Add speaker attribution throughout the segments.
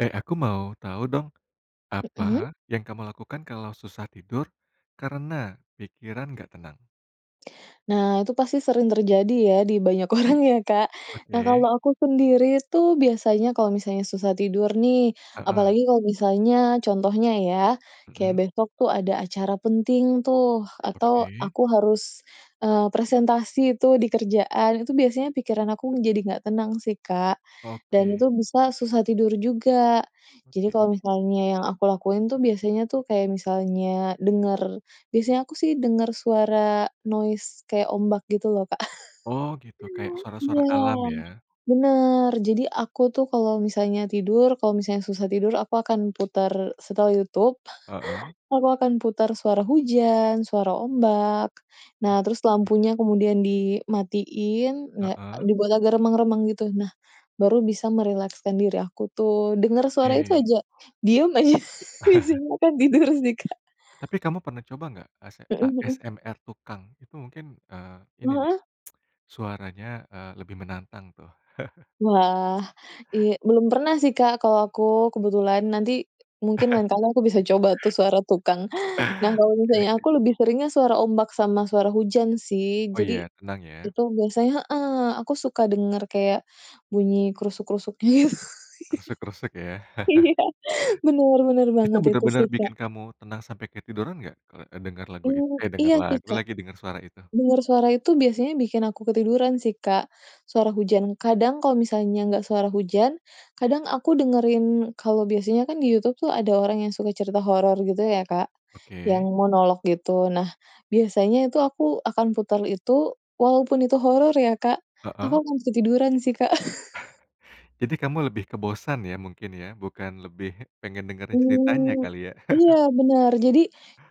Speaker 1: Eh, aku mau tahu dong.
Speaker 2: Mhm.
Speaker 1: Apa, yang kamu lakukan kalau susah tidur karena pikiran nggak tenang?
Speaker 2: Nah, itu pasti sering terjadi ya, di banyak orang ya, Kak. Nah,
Speaker 1: Oke.
Speaker 2: kalau aku sendiri tuh biasanya kalau misalnya susah tidur nih,
Speaker 1: Heeh.
Speaker 2: apalagi kalau misalnya contohnya ya, kayak
Speaker 1: Mhm.
Speaker 2: besok tuh ada acara penting tuh, atau
Speaker 1: Oke.
Speaker 2: aku harus, eee, presentasi tuh di kerjaan, itu biasanya pikiran aku menjadi enggak tenang sih, Kak, dan
Speaker 1: Oke.
Speaker 2: itu bisa susah tidur juga. Jadi
Speaker 1: Oke
Speaker 2: kalau
Speaker 1: oke.
Speaker 2: misalnya yang aku lakuin tuh, biasanya tuh kayak misalnya denger biasanya aku sih denger suara noise kayak ombak gitu loh, Kak.
Speaker 1: Oh, gitu. Kayak suara-suara
Speaker 2: Iya,
Speaker 1: alam, ya.
Speaker 2: bener. Jadi aku tuh kalau misalnya tidur, kalau misalnya susah tidur aku akan putar setel YouTube,
Speaker 1: Heeh.
Speaker 2: aku akan putar suara hujan, suara ombak. Nah, terus
Speaker 1: Oke.
Speaker 2: lampunya kemudian dimatiin na
Speaker 1: Heeh.
Speaker 2: dibuat agak remang-remang gitu. Nah, baru bisa merilekskan diri aku tuh, dengar suara itu
Speaker 1: Oke.
Speaker 2: aja, diam aja, biasanya akan tidur sih, Kak.
Speaker 1: Tapi kamu pernah coba nggak Ase
Speaker 2: Heeh heeh.
Speaker 1: ASMR tukang? Itu mungkin, eee, ini nih
Speaker 2: [unintelligible]
Speaker 1: suaranya, eee, lebih menantang, tuh.
Speaker 2: Wah, i belum pernah sih, Kak, kalau aku kebetulan. Nanti mungkin lain kali aku bisa coba tuh suara tukang. Nah, kalau
Speaker 1: Oke
Speaker 2: misalnya
Speaker 1: oke.
Speaker 2: aku biasanya lebih seringnya suara ombak sama suara hujan, sih.
Speaker 1: Oh,
Speaker 2: Jadi
Speaker 1: iya. Tenang, ya.
Speaker 2: itu biasanya heeh, aku suka denger kayak bunyi krusuk-krusuk gitu,
Speaker 1: Keresek-keresek, ya.
Speaker 2: iya iya, bener bener
Speaker 1: Itu
Speaker 2: banget itu
Speaker 1: benar-benar
Speaker 2: sih,
Speaker 1: bikin
Speaker 2: Kak.
Speaker 1: kamu tenang sampai ketiduran nggak, kalau, eee, dengar lagu it
Speaker 2: Mmm,
Speaker 1: eh, denger
Speaker 2: iya sih,
Speaker 1: lagu
Speaker 2: Kak.
Speaker 1: lagi dengar suara itu?
Speaker 2: Denger suara itu biasanya bikin aku ketiduran sih, Kak, suara hujan. Kadang kalau misalnya nggak suara hujan, kadang aku dengerin kalau biasanya kan, di Youtube tuh ada orang yang suka cerita horor gitu ya, Kak, yang
Speaker 1: Oke.
Speaker 2: monolog gitu. Nah, biasanya itu aku akan putar itu, walaupun itu horor ya, Kak, aku
Speaker 1: Heeh.
Speaker 2: akan ketiduran sih, Kak.
Speaker 1: Jadi kamu lebih ke bosan ya mungkin ya, bukan lebih pengen dengerin ceritanya
Speaker 2: Mmm,
Speaker 1: kali, ya.
Speaker 2: iya, bener. Jadi,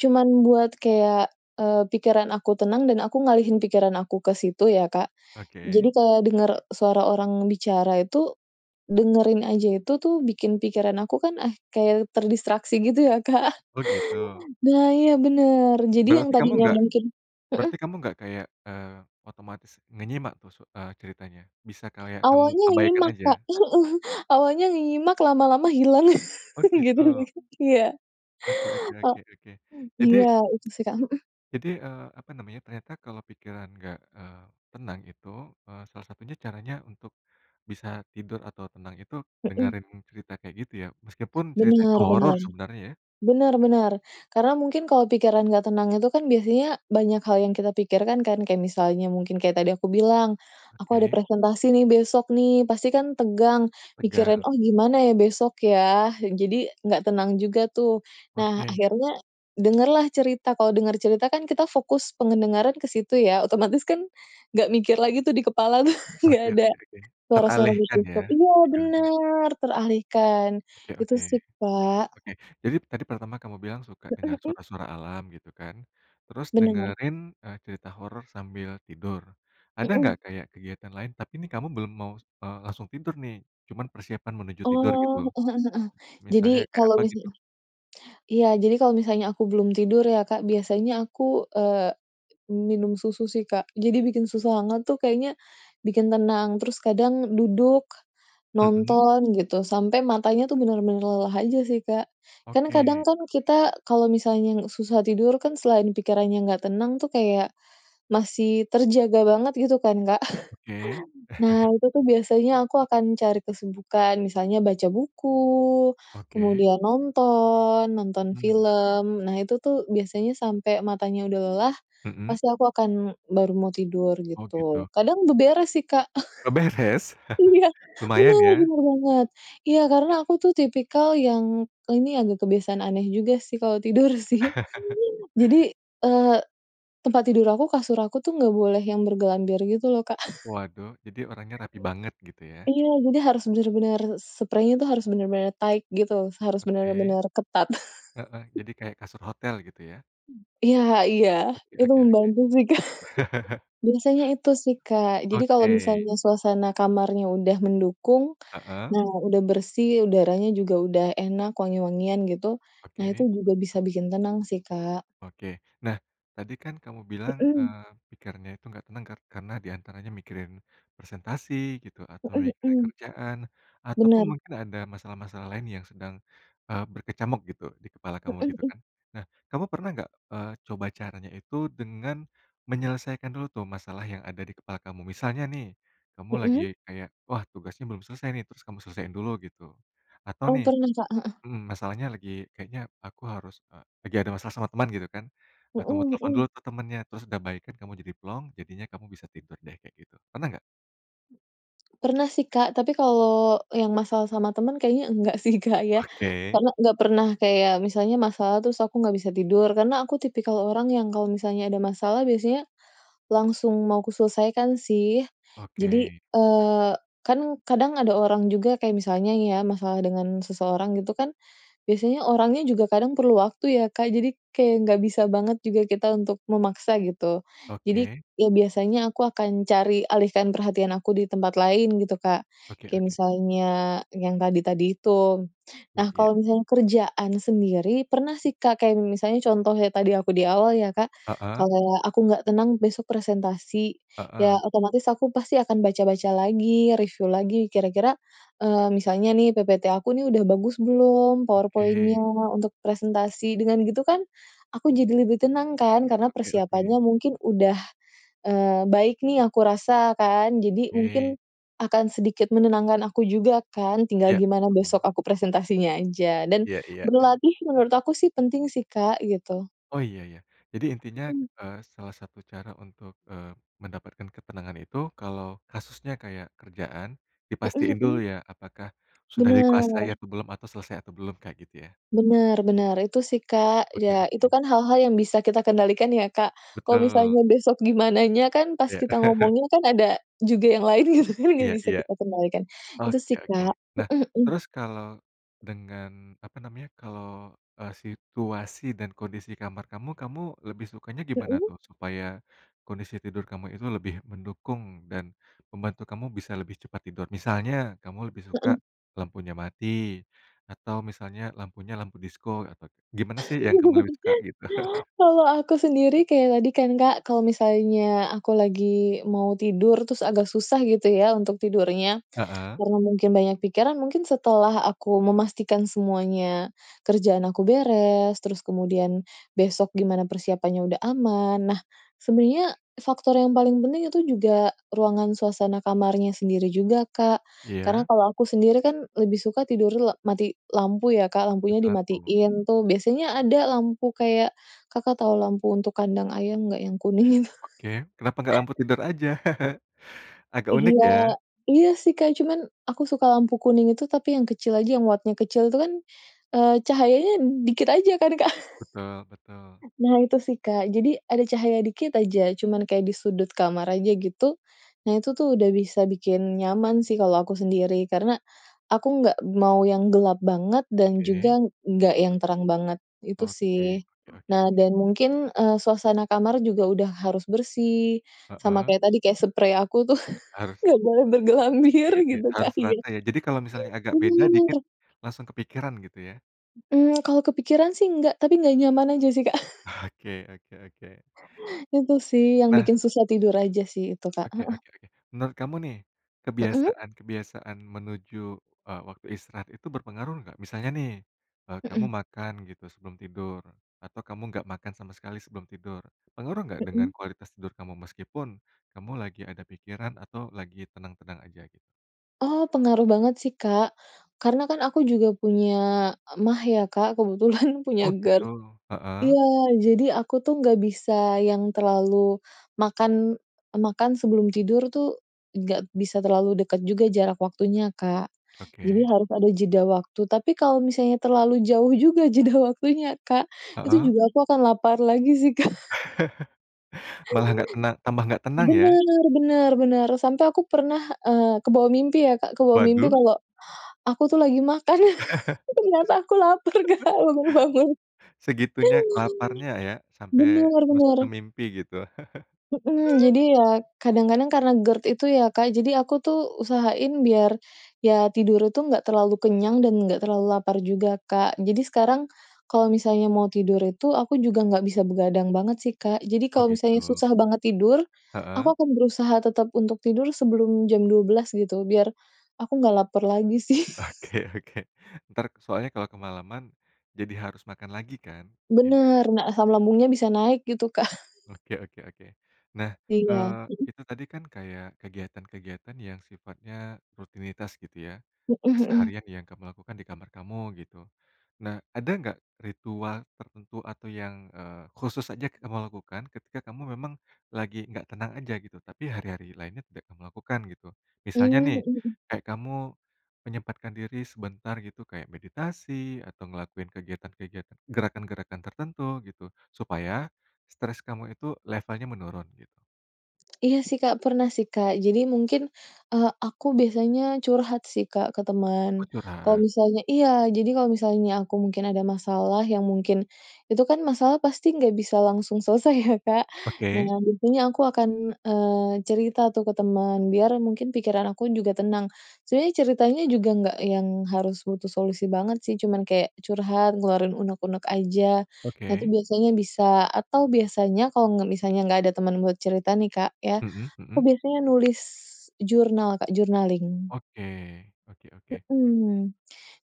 Speaker 2: cuman buat kayak, eee, pikiran aku tenang dan aku ngalihin pikiran aku ke situ ya, Kak. Jadi
Speaker 1: Oke.
Speaker 2: kalau denger suara orang bicara itu, dengerinnya aja itu tuh, bikin pikiran aku kan ah kayak terdistraksi gitu ya, Kak.
Speaker 1: Oh, gitu.
Speaker 2: Nah, iya bener.
Speaker 1: B
Speaker 2: Jadi yang
Speaker 1: berarti kamu
Speaker 2: tadinya
Speaker 1: nggak,
Speaker 2: mungkin heeh?
Speaker 1: berarti kamu nggak kayak, eee, otomatis ngenyimak tuh su eee, ceritanya? Bisa kayak kamu
Speaker 2: Awalnya
Speaker 1: abaikan
Speaker 2: nyimak, Kak,
Speaker 1: aja?
Speaker 2: heeh. Awalnya nyimak, lama-lama hilang.
Speaker 1: Oh,
Speaker 2: Gitu
Speaker 1: gitu.
Speaker 2: lagi. Iya.
Speaker 1: Oke oke
Speaker 2: E
Speaker 1: oke oke,
Speaker 2: m
Speaker 1: jadi
Speaker 2: iya, itu sih, Kak. Heeh.
Speaker 1: ...jadi, eee, apa namanya ya, ternyata kalau pikiran nggak, eee, tenang itu, eee, salah satunya caranya untuk bisa tidur atau tenang itu,
Speaker 2: Heeh.
Speaker 1: dengerin cerita kayak gitu, ya? Meskipun ceritanya
Speaker 2: Benar
Speaker 1: horor
Speaker 2: benar.
Speaker 1: sebenarnya, ya?
Speaker 2: Benar benar. Karena mungkin kalau pikiran gak tenang itu kan biasanya banyak hal yang kita pikirkan, kan? Kayak misalnya mungkin kayak tadi aku bilang, "Aku ada
Speaker 1: Oke.
Speaker 2: presentasi nih besok nih." Pasti kan tegang, mikirin,
Speaker 1: Tegang.
Speaker 2: "Oh gimana ya besok, ya?" Jadi gak tenang juga, tuh. Nah,
Speaker 1: Oke.
Speaker 2: akhirnya dengerlah cerita, kalau denger cerita kan, kita fokus pendengaran ke situ ya, otomatis kan, ga mikir lagi tuh di kepala tuh, ga
Speaker 1: Oke
Speaker 2: ada
Speaker 1: oke oke.
Speaker 2: suara-suara
Speaker 1: Teralihkan,
Speaker 2: begitu.
Speaker 1: ya,
Speaker 2: Iya,
Speaker 1: pikirannya.
Speaker 2: bener. Teralihkan.
Speaker 1: Oke
Speaker 2: Itu
Speaker 1: oke.
Speaker 2: sih, Kak.
Speaker 1: Oke, jadi tadi pertama kamu bilang suka
Speaker 2: Heeh
Speaker 1: dengar
Speaker 2: heeh?
Speaker 1: suara-suara alam gitu kan, terus
Speaker 2: Benar.
Speaker 1: dengerin, eee, cerita horor sambil tidur. Ada
Speaker 2: Heeh.
Speaker 1: nggak kayak kegiatan lain tapi nih kamu belum mau, eee, langsung tidur nih, cuma persiapan menuju tidur gitu.
Speaker 2: Oh, heeh heeh heeh. Jadi
Speaker 1: Misalnya kayak
Speaker 2: kalau
Speaker 1: apa gitu?
Speaker 2: misal iya, jadi kalau misalnya aku belum tidur ya, Kak, biasanya aku, eee, minum susu sih, Kak. Jadi bikin susu hangat tuh kayaknya bikin tenang, terus kadang duduk,
Speaker 1: Mhm.
Speaker 2: nonton gitu sampai matanya tuh benar-benar lelah aja sih, Kak. Kan, kadang
Speaker 1: Oke.
Speaker 2: kan, kita kalau misalnya lu susah tidur kan, selain pikirannya gak tenang tuh kayak masih terjaga banget gitu kan, Kak.
Speaker 1: Oke.
Speaker 2: Nah, itu tuh biasanya aku akan cari kesibukan, misalnya baca buku,
Speaker 1: Oke.
Speaker 2: kemudian nonton nonton
Speaker 1: Mhm.
Speaker 2: film, Nah itu tuh biasanya sampai matanya udah lelah
Speaker 1: Mhm.
Speaker 2: pasti aku akan baru mau tidur,
Speaker 1: Oh, gitu.
Speaker 2: gitu. Kadang beberes sih, Kak.
Speaker 1: Beberes?
Speaker 2: Iya. Bener,
Speaker 1: Lumayan, ya.
Speaker 2: bener banget. Iya, karena aku tuh tipikal yang ini agak kebiasaan aneh juga sih kalau tidur, sih. Jadi, eee, tempat tidur aku, kasur aku tuh gak boleh yang bergelambir gitu loh, Kak.
Speaker 1: Waduh, jadi orangnya rapi banget gitu, ya.
Speaker 2: Iya, jadi harus bener-bener spreinya tuh harus bener-bener tight, gitu, harus
Speaker 1: Oke.
Speaker 2: bener-bener ketat.
Speaker 1: Heeh, jadi kayak kasur hotel gitu, ya.
Speaker 2: Iya iya.
Speaker 1: Oke
Speaker 2: Itu
Speaker 1: oke oke.
Speaker 2: membantu sih, Kak. Biasanya itu sih, Kak. Jadi kalau
Speaker 1: Oke.
Speaker 2: misalnya suasana kamarnya udah mendukung,
Speaker 1: Heeh.
Speaker 2: nah udah bersih, udaranya juga udah enak, wangi-wangian gitu, nah itu
Speaker 1: Oke.
Speaker 2: juga bisa bikin tenang sih, Kak.
Speaker 1: Oke. Nah, tadi kan kamu bilang,
Speaker 2: Heeh.
Speaker 1: eee, pikirannya itu nggak tenang kar karena di antaranya mikirin presentasi gitu, atau
Speaker 2: Heeh
Speaker 1: mikirin
Speaker 2: heeh.
Speaker 1: kerjaan, ataupun
Speaker 2: Benar.
Speaker 1: mungkin ada masalah-masalah lain yang sedang, eee, berkecamuk gitu di kepala kamu
Speaker 2: Heeh
Speaker 1: gitu,
Speaker 2: heeh.
Speaker 1: kan. Nah, kamu pernah nggak, eee, coba caranya itu dengan menyelesaikan dulu tuh masalah yang ada di kepala kamu? Misalnya nih, kamu lagi
Speaker 2: Heeh?
Speaker 1: kayak, "Wah, tugasnya belum selesai, nih." Terus kamu selesaiin dulu, gitu. Atau
Speaker 2: Oh,
Speaker 1: nih
Speaker 2: pernah, Kak. Heeh.
Speaker 1: mhm, masalahnya lagi, "Kayaknya aku harus, eee." Lagi ada masalah sama teman, gitu kan. Nah, kamu
Speaker 2: Heeh
Speaker 1: telepon
Speaker 2: heeh.
Speaker 1: dulu ke temennya terus udah baikan, kamu jadi plong, jadinya kamu bisa tidur deh kayak gitu, pernah gak?
Speaker 2: Pernah sih, Kak. Tapi kalau yang masalah sama teman kayaknya enggak sih, Kak, ya.
Speaker 1: Oke.
Speaker 2: Karena ga pernah kayak misalnya masalah terus aku ga bisa tidur, karena aku tipikal orang yang kalau misalnya ada masalah biasanya langsung mau aku selesaikan, sih. Jadi,
Speaker 1: Oke.
Speaker 2: eee, kan kadang ada orang juga kayak misalnya nih ya masalah dengan seseorang gitu kan, biasanya orangnya juga kadang perlu waktu ya, Kak. Jadi kayak gak bisa banget juga kita untuk memaksa, gitu. Jadi
Speaker 1: Oke.
Speaker 2: e biasanya aku akan cari alih perhatian aku di tempat lain gitu, Kak,
Speaker 1: Oke
Speaker 2: kayak
Speaker 1: oke.
Speaker 2: misalnya yang tadi-tadi itu.
Speaker 1: Iya
Speaker 2: Nah,
Speaker 1: iya.
Speaker 2: kalau misalnya kerjaan sendiri, pernah sih, Kak, kayak m misalnya contoh tadi aku di awal ya, Kak.
Speaker 1: Heeh.
Speaker 2: Kayak aku gak tenang besok presentasi, ya
Speaker 1: Heeh.
Speaker 2: otomatis aku pasti akan baca-baca lagi, review lagi kira-kira, eee, misalnya nih, ppt aku nih udah bagus belum,
Speaker 1: Oke.
Speaker 2: PowerPoint-nya untuk presentasi. Dengan begitu kan, aku jadi lebih tenang kan, karena
Speaker 1: Oke
Speaker 2: persiapannya
Speaker 1: oke.
Speaker 2: mungkin udah, eee, baik nih aku rasa, kan. Jadi mungkin
Speaker 1: Oke.
Speaker 2: akan sedikit menenangkan aku juga kan, tinggal
Speaker 1: Iya.
Speaker 2: gimana besok aku presentasinya aja. Dan
Speaker 1: Iya iya.
Speaker 2: berlatih menurut aku sih penting sih, Kak, gitu.
Speaker 1: Oh iya iya. Jadi intinya,
Speaker 2: Heeh.
Speaker 1: eee, salah satu cara untuk, eee, mendapatkan ketenangan itu kalau kasusnya kayak kerjaan,
Speaker 2: Heeh
Speaker 1: dipastiin dulu
Speaker 2: Heeh.
Speaker 1: ya, apakah sudah dikuasai
Speaker 2: Benar.
Speaker 1: atau belum atau selesai atau belum, Kak, gitu ya?
Speaker 2: Bener bener. Itu sih, Kak.
Speaker 1: Oke
Speaker 2: Ya, itu
Speaker 1: oke.
Speaker 2: kan hal-hal yang bisa kita kendalikan ya, Kak. Kalau
Speaker 1: Betul.
Speaker 2: misalnya besok gimananya kan, pas
Speaker 1: Iya.
Speaker 2: kita ngomongnya, kan ada juga yang lain gitu, kan
Speaker 1: Iya
Speaker 2: gak bisa
Speaker 1: iya.
Speaker 2: kita kendalikan. Itu
Speaker 1: Oke
Speaker 2: sih,
Speaker 1: oke.
Speaker 2: Kak.
Speaker 1: Nah,
Speaker 2: Heeh heeh.
Speaker 1: terus kalau dengan, apa namanya kalau, eee, situasi dan kondisi kamar kamu, kamu lebih sukanya gimana
Speaker 2: Heeh.
Speaker 1: tuh, supaya kondisi tidur kamu itu lebih mendukung dan membantu kamu bisa lebih cepat tidur. Misalnya, kamu lebih suka
Speaker 2: Heeh.
Speaker 1: lampunya mati, atau misalnya lampunya lampu disko, atau gimana sih yang kamu lebih suka, gitu?
Speaker 2: Kalau aku sendiri kayak tadi kan, Kak. Kalau misalnya aku lagi mau tidur terus agak susah gitu ya untuk tidurnya,
Speaker 1: Heeh.
Speaker 2: karena mungkin banyak pikiran, mungkin setelah aku memastikan semuanya, kerjaan aku beres, terus kemudian besok gimana persiapannya udah aman, nah, sebenernya faktor yang paling penting itu juga ruangan suasana kamarnya sendiri juga, Kak. Karena
Speaker 1: Iya.
Speaker 2: kalau aku sendiri kan, lebih suka tidurnya le mati lampu ya, Kak,
Speaker 1: Mati
Speaker 2: lampunya
Speaker 1: lampu.
Speaker 2: dimatiin tuh. Biasanya ada lampu kayak, Kakak tau lampu untuk kandang ayam nggak? Yang kuning itu?
Speaker 1: Oke, kenapa nggak lampu tidur aja? Agak unik,
Speaker 2: Iya.
Speaker 1: ya.
Speaker 2: Iya sih, Kak. Cuman aku suka lampu kuning itu tapi yang kecil aja yang wattnya kecil. Itu kan, eee, cahayanya dikit aja kan, Kak?
Speaker 1: Betul betul.
Speaker 2: Nah, itu sih, Kak. Jadi, ada cahaya dikit aja, cuman kayak di sudut kamar aja, gitu. Nah, itu tuh udah bisa bikin nyaman sih kalau aku sendiri. Karena aku nggak mau yang gelap banget, dan
Speaker 1: Oke.
Speaker 2: juga enggak yang terang banget. Itu,
Speaker 1: Oke
Speaker 2: sih.
Speaker 1: oke oke oke.
Speaker 2: Nah, dan mungkin, eee, suasana kamar juga udah harus bersih, sama
Speaker 1: Heeh.
Speaker 2: kayak tadi kayak sprei aku tuh
Speaker 1: Harus
Speaker 2: gak boleh bergelambir
Speaker 1: Iya iya.
Speaker 2: gitu
Speaker 1: Harus
Speaker 2: kali, ya.
Speaker 1: rata, ya. Jadi kalau misalnya agak beda dikit
Speaker 2: Bener.
Speaker 1: langsung kepikiran gitu, ya.
Speaker 2: Mmm, kalau kepikiran sih enggak, tapi enggak nyaman aja sih, Kak.
Speaker 1: Oke oke oke.
Speaker 2: Itu sih yang
Speaker 1: Nah
Speaker 2: bikin susah tidur aja sih, itu Kak,
Speaker 1: Oke
Speaker 2: heeh.
Speaker 1: oke oke. Menurut kamu nih,
Speaker 2: Heeh?
Speaker 1: kebiasaan-kebiasaan menuju, eee, waktu istirahat itu berpengaruh nggak, misalnya nih, eee, kamu
Speaker 2: Heeh.
Speaker 1: makan gitu sebelum tidur atau kamu nggak makan sama sekali sebelum tidur, pengaruh nggak dengan
Speaker 2: Heeh.
Speaker 1: kualitas tidur kamu? Meskipun kamu lagi ada pikiran atau lagi tenang-tenang aja, gitu.
Speaker 2: Oh, pengaruh banget sih, Kak. Karena kan aku juga punya mag ya, Kak, kebetulan punya
Speaker 1: Oh,
Speaker 2: GERD.
Speaker 1: gitu. Heeh.
Speaker 2: Iya, jadi aku tuh gak bisa yang terlalu makan, makan sebelum tidur tuh, nggak bisa terlalu deket juga jarak waktunya, Kak, jadi
Speaker 1: Oke.
Speaker 2: harus ada jeda waktu. Tapi kalau misalnya terlalu jauh juga jeda waktunya, Kak, itu
Speaker 1: Heeh.
Speaker 2: juga aku akan lapar lagi sih, Kak.
Speaker 1: Malah nggak tena tambah nggak tenang, ya?
Speaker 2: Benar benar benar. Sampai aku pernah, eee, kebawa mimpi ya, Kak, kebawa mimpi
Speaker 1: Waduh.
Speaker 2: kalau aku tuh lagi makan ternyata aku lapar, Kak, [unintelligible] baru bangun.
Speaker 1: Segitunya laparnya, ya. Sampai
Speaker 2: Benar
Speaker 1: masuk
Speaker 2: benar.
Speaker 1: ke mimpi gitu.
Speaker 2: Heeh. Jadi, ya kadang-kadang karena GERD itu ya, Kak, jadi aku tuh usahain biar ya tidur itu enggak terlalu kenyang dan enggak terlalu lapar juga, Kak. Jadi sekarang kalau misalnya mau tidur itu aku juga nggak bisa begadang banget sih, Kak. Jadi,
Speaker 1: Oh,
Speaker 2: kalau misalnya
Speaker 1: gitu.
Speaker 2: susah banget tidur, aku
Speaker 1: Heeh.
Speaker 2: akan berusaha tetap untuk tidur sebelum jam 12.00 gitu, biar aku nggak laper lagi, sih.
Speaker 1: Oke oke. Entar soalnya kalau kemalaman jadi harus makan lagi, kan, ini
Speaker 2: Benar. Nah, asam lambungnya bisa naik gitu, Kak.
Speaker 1: Oke oke oke. Nah,
Speaker 2: Iya.
Speaker 1: eee,
Speaker 2: Heeh?
Speaker 1: itu tadi kan, kayak kegiatan-kegiatan yang sifatnya rutinitas gitu, ya.
Speaker 2: Heeh heeh.
Speaker 1: Keseharian yang kamu lakukan di kamar kamu, gitu. Nah, ada nggak ritual tertentu atau yang, eee, khusus aja kamu lakukan ketika kamu memang lagi nggak tenang aja, gitu? Tapi hari-hari lainnya tidak kamu lakukan, gitu? Misalnya
Speaker 2: Mmm.
Speaker 1: nih,
Speaker 2: Heeh heeh.
Speaker 1: kayak kamu menyempatkan diri sebentar gitu kayak meditasi, atau ngelakuin kegiatan-kegiatan gerakan-gerakan tertentu gitu, supaya stres kamu itu levelnya menurun, gitu.
Speaker 2: Iya sih, Kak, pernah sih, Kak. Jadi, mungkin, eee, aku biasanya curhat sih, Kak, ke
Speaker 1: Oh,
Speaker 2: teman. Kalau
Speaker 1: curhat.
Speaker 2: misalnya iya. Jadi, kalau misalnya aku mungkin ada masalah yang mungkin itu kan masalah pasti nggak bisa langsung selesai ya, Kak? Nah,
Speaker 1: Oke.
Speaker 2: tentunya aku akan, eee, cerita tuh ke teman, biar mungkin pikiran aku juga tenang. Sebenarnya ceritanya juga nggak yang harus butuh solusi banget, sih. Cuman kayak curhat, ngeluarin unek-unek aja, nanti
Speaker 1: Oke.
Speaker 2: biasanya bisa atau biasanya kalau nggak misalnya nggak ada teman buat cerita nih, Kak, ya.
Speaker 1: Mhm
Speaker 2: Aku
Speaker 1: mhm.
Speaker 2: biasanya nulis jurnal, Kak, journaling.
Speaker 1: Oke, oke oke.
Speaker 2: Heeh.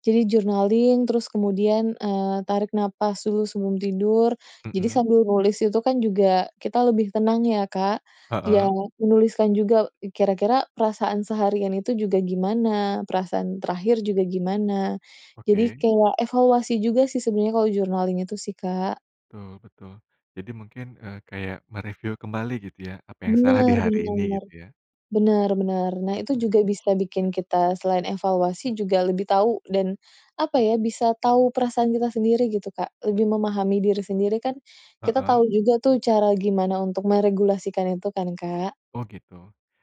Speaker 2: Jadi journaling, terus kemudian, eee, tarik napas dulu sebelum tidur. Jadi
Speaker 1: Mhm.
Speaker 2: sambil nulis itu kan juga kita lebih tenang ya, Kak. Iya,
Speaker 1: Heeh.
Speaker 2: menuliskan juga, kira-kira perasaan seharian itu juga gimana, perasaan terakhir juga gimana. Jadi
Speaker 1: Oke.
Speaker 2: kayak evaluasi juga sih, sebenarnya kalau journaling itu sih, Kak.
Speaker 1: Betul betul. Jadi mungkin, eee, kayak mereviu kembali gitu ya, apa yang salah di
Speaker 2: Benar
Speaker 1: hari ini
Speaker 2: benar.
Speaker 1: gitu, ya.
Speaker 2: Benar benar. Nah,
Speaker 1: Oke
Speaker 2: itu
Speaker 1: oke.
Speaker 2: juga bisa bikin kita, selain evaluasi juga lebih tahu dan apa ya, bisa tahu perasaan kita sendiri gitu, Kak, lebih memahami diri sendiri kan, kita tahu
Speaker 1: Heeh.
Speaker 2: juga tuh cara gimana untuk meregulasikan itu kan, Kak.
Speaker 1: Oh, gitu.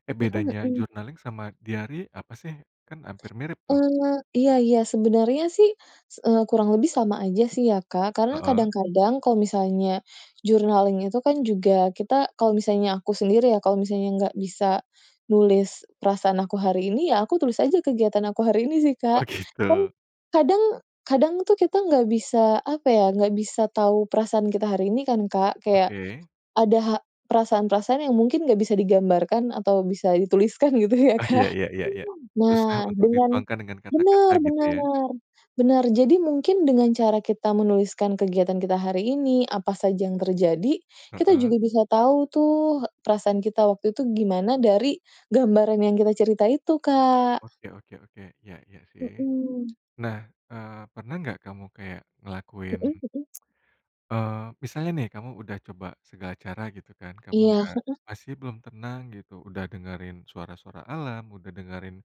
Speaker 1: Eh,
Speaker 2: Heeh
Speaker 1: bedanya
Speaker 2: heeh.
Speaker 1: journaling sama diari apa, sih? Kan hampir mirip, tuh.
Speaker 2: Eee, iya iya. Sebenarnya sih s eee, kurang lebih sama aja sih ya, Kak, karena
Speaker 1: Heeh.
Speaker 2: kadang-kadang kalau misalnya journaling itu kan, juga kita kalau misalnya aku sendiri ya, kalau misalnya nggak bisa nulis perasaan aku hari ini ya aku tulis aja kegiatan aku hari ini sih, Kak.
Speaker 1: Oh,
Speaker 2: Kan,
Speaker 1: gitu.
Speaker 2: kadang, kadang tuh kita nggak bisa, apa ya, nggak bisa tahu perasaan kita hari ini kan, Kak. Kayak
Speaker 1: Oke.
Speaker 2: ada ha perasaan-perasaan yang mungkin nggak bisa digambarkan atau bisa dituliskan gitu ya,
Speaker 1: Ah iya
Speaker 2: Kak.
Speaker 1: iya iya iya. Susah
Speaker 2: Nah,
Speaker 1: untuk
Speaker 2: dengan
Speaker 1: dituangkan dengan kata-kata
Speaker 2: benar
Speaker 1: gitu,
Speaker 2: benar.
Speaker 1: ya.
Speaker 2: Benar. Jadi mungkin dengan cara kita menuliskan kegiatan kita hari ini, apa saja yang terjadi, kita
Speaker 1: Heeh.
Speaker 2: juga bisa tahu tuh, perasaan kita waktu itu gimana dari gambaran yang kita cerita itu, Kak.
Speaker 1: Oke oke oke. Iya iya sih.
Speaker 2: Heeh.
Speaker 1: Nah, eee, pernah nggak kamu kayak ngelakuin,
Speaker 2: Heeh heeh.
Speaker 1: eee, misalnya nih, kamu udah coba segala cara gitu kan, kamu
Speaker 2: Iya
Speaker 1: enggak
Speaker 2: heeh.
Speaker 1: masih belum tenang gitu, udah dengerin suara-suara alam, udah dengerin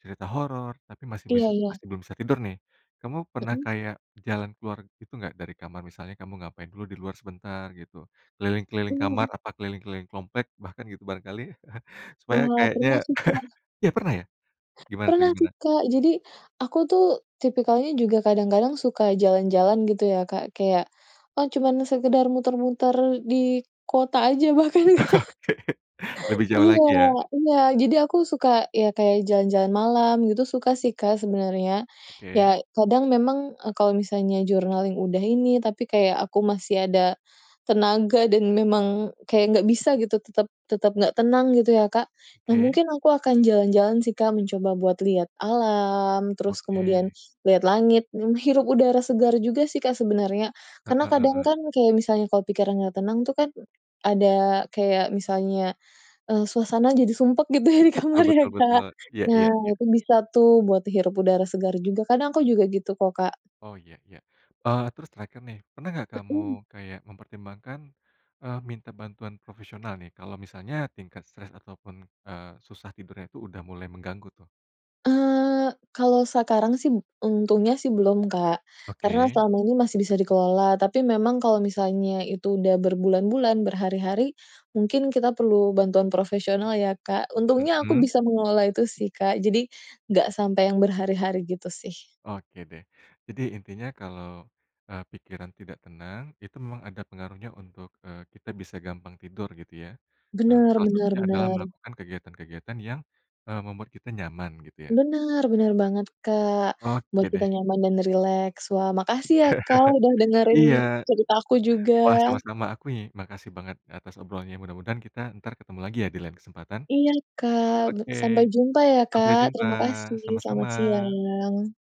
Speaker 1: cerita horor, tapi masih bis
Speaker 2: Iya iya.
Speaker 1: masih belum bisa tidur, nih. Kamu pernah
Speaker 2: Heeh.
Speaker 1: kayak jalan keluar gitu nggak dari kamar? Misalnya kamu ngapain dulu di luar sebentar gitu, keliling-keliling
Speaker 2: Mmm,
Speaker 1: kamar,
Speaker 2: heeh.
Speaker 1: apa keliling-keliling komplek bahkan gitu, barangkali supaya
Speaker 2: Wah,
Speaker 1: kayaknya
Speaker 2: pernah sih, Kak.
Speaker 1: iya? Pernah, ya? Gimana tuh,
Speaker 2: Pernah tuh,
Speaker 1: gimana?
Speaker 2: Kak. Jadi, aku tuh tipikalnya juga kadang-kadang suka jalan-jalan gitu ya, Kak. Kayak, ah, cuman sekedar muter-muter di kota aja, bahkan
Speaker 1: Oke. Lebih jauh
Speaker 2: iya.
Speaker 1: lagi, ya.
Speaker 2: Enggak, jadi aku suka ya kayak jalan-jalan malam, gitu. Suka sih, Kak, sebenarnya.
Speaker 1: Oke.
Speaker 2: Ya, kadang memang, eee, kalau misalnya journaling udah ini tapi kayak aku masih ada tenaga dan memang kayak nggak bisa gitu tetap tetap nggak tenang gitu ya, Kak. Nah,
Speaker 1: Ke.
Speaker 2: mungkin aku akan jalan-jalan sih, Kak, mencoba buat lihat alam, terus kemudian
Speaker 1: Oke.
Speaker 2: lihat langit, menghirup udara segar juga sih, Kak sebenarnya.
Speaker 1: Heeh
Speaker 2: Karena kadang
Speaker 1: heeh.
Speaker 2: kan, kayak misalnya kalau pikiran nggak tenang tuh kan, ada kayak misalnya, eee, suasana jadi sumpek gitu ya di
Speaker 1: Betul
Speaker 2: kamar ya,
Speaker 1: betul
Speaker 2: Kak.
Speaker 1: betul. Iya
Speaker 2: Nah,
Speaker 1: iya, iya.
Speaker 2: itu bisa tuh buat hirup udara segar juga, karena aku juga gitu kok, Kak.
Speaker 1: Oh, iya iya. Oh, terus terakhir, nih. Pernah nggak kamu
Speaker 2: Heeh.
Speaker 1: kayak mempertimbangkan, eee, minta bantuan profesional nih, kalau misalnya tingkat stres ataupun, eee, susah tidurnya itu udah mulai mengganggu, tuh?
Speaker 2: Eee, kalau sekarang sih bu untungnya sih belum, Kak. Karena
Speaker 1: Oke.
Speaker 2: selama ini masih bisa dikelola, tapi memang kalau misalnya itu udah berbulan-bulan, berhari-hari mungkin kita perlu bantuan profesional ya, Kak. Untungnya aku
Speaker 1: Mhm.
Speaker 2: bisa mengelola itu sih, Kak. Jadi nggak sampai yang berhari-hari gitu, sih.
Speaker 1: Oke, deh. Jadi intinya kalau, eee, pikiran tidak tenang itu memang ada pengaruhnya untuk, eee, kita bisa gampang tidur gitu. ya. Eee,
Speaker 2: Benar
Speaker 1: salah
Speaker 2: benar
Speaker 1: satunya adalah
Speaker 2: benar.
Speaker 1: melakukan kegiatan-kegiatan yang, eee, membuat kita nyaman gitu, ya.
Speaker 2: Benar benar banget, Kak, buat
Speaker 1: Oke deh.
Speaker 2: kita nyaman dan rileks. Wah, makasih ya, Kak, udah dengerin
Speaker 1: Iya.
Speaker 2: cerita aku juga.
Speaker 1: Wah, sama-sama aku ni makasih banget atas obrolannya. Mudah-mudahan kita entar ketemu lagi ya di lain kesempatan.
Speaker 2: Iya, Kak. Bu
Speaker 1: Oke.
Speaker 2: sampai jumpa ya,
Speaker 1: Sampai
Speaker 2: Kak.
Speaker 1: jumpa.
Speaker 2: Terima kasih. Selamat
Speaker 1: Sama-sama.
Speaker 2: siang.